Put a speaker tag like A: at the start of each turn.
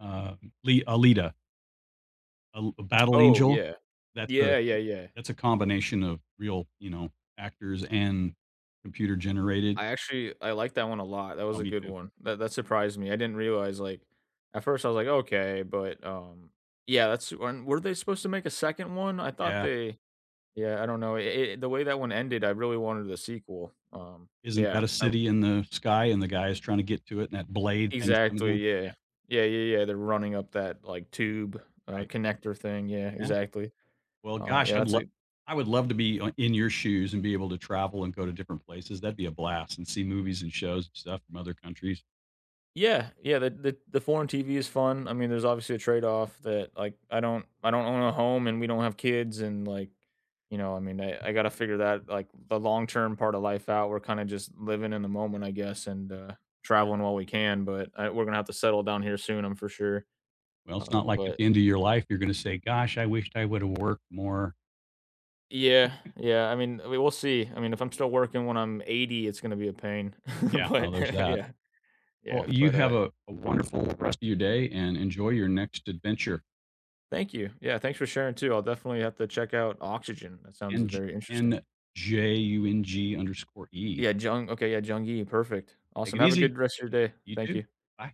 A: Uh, li Alita. Uh, l a battle
B: Oh
A: angel,
B: yeah.
A: that's a
B: Yeah, yeah, yeah.
A: that's a combination of real, you know, actors and computer generated.
B: I actually, I like that one a lot, that
A: Oh,
B: was a
A: me
B: good
A: too.
B: one, that that surprised me. I didn't realize, like, at first I was like, okay, but um yeah, that's when weren't they supposed to make a second one? I thought
A: Yeah.
B: they yeah, I don't know, i i the way that one ended, I really wanted the sequel, um,
A: Isn't
B: yeah,
A: that a
B: I r
A: city in the sky, and the guy is trying to get to it, and that blade thing's coming
B: Exactly,
A: down, yeah.
B: yeah, yeah, yeah, yeah, they're running up that, like, tube, uh,
A: Right.
B: connector thing, yeah,
A: Yeah,
B: exactly,
A: well,
B: um, yeah,
A: gosh, I'd
B: that's
A: lo
B: it
A: I would love to be in your shoes, and be able to travel and go to different places. That'd be a blast, and see movies, and shows, and stuff from other countries.
B: Yeah, yeah, the the the foreign TV is fun, I mean, there's obviously a trade-off that like, I don't I don't own a home, and we don't have kids, and like, you know, I mean, I I gotta figure that like, the long term part of life out. We're kinda just living in the moment, I guess, and, uh, traveling while we can, but uh, we're gonna have to settle down here soon, I'm for sure,
A: Well, it's
B: uh,
A: not like at
B: but
A: the end of your life, you're gonna say, "Gosh, I wished I would have worked more."
B: Yeah, yeah, I mean, we will see. I mean, if I'm still working when I'm 80, it's gonna be a pain,
A: Yeah, well,
B: but
A: there's that.
B: yeah,
A: Well,
B: yeah,
A: you
B: but uh
A: have a wonderful rest of your day, and enjoy your next adventure.
B: Thank you, yeah, thanks for sharing too. I'll definitely have to check out oxygen, that sounds
A: N j
B: very interesting.
A: N-J-U-N-G_E.
B: Yeah, Jung, okay yeah, Jung Yi, perfect,
A: Take
B: awesome.
A: it
B: Have a
A: easy,
B: good rest of your day,
A: you
B: thank
A: too,
B: you.
A: bye.